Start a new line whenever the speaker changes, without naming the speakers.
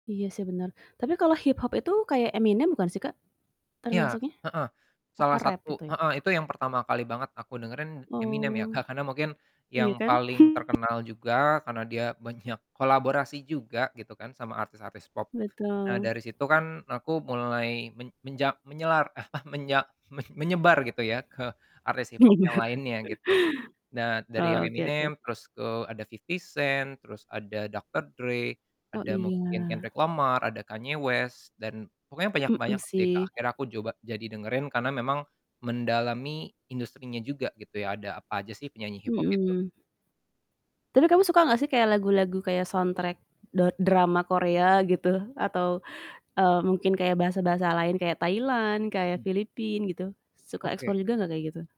Iya sih bener tapi kalau hip-hop itu kayak Eminem bukan sih Kak?
Iya.
Termasuknya?
Heeh.
Oh
Salah
rap
satu
itu.
heeh, itu yang pertama kali banget aku dengerin Eminem ya
Oh.
Kak, karena mungkin yang
Iya kan?
paling
Mmm.
terkenal juga karena dia banyak kolaborasi juga gitu kan sama artis-artis pop. Nah
Betul.
dari situ kan aku mulai men menja menyelar apa menya men menyebar gitu ya ke artis
Bener,
hip-hop yang lainnya gitu. Nah dari yang
oke oke.
Eminem terus ke ada 50 Cent, terus ada Dr. Dre,
Oh
ada mungkin
iya.
Kendrick Lamar, ada Kanye West dan pokoknya banyak
Mmm
banyak sih Kak.
sih.
Akhirnya aku coba jadi dengerin karena memang mendalami industrinya juga gitu ya ada apa aja sih penyanyi hip-hop itu.
Mhm. Tapi kamu suka gak sih kayak lagu-lagu kayak soundtrack da drama Korea gitu atau, eee, mungkin kayak bahasa-bahasa lain kayak Thailand kayak
Mmm.
Filipina gitu suka
Oke.
explore juga gak kayak gitu?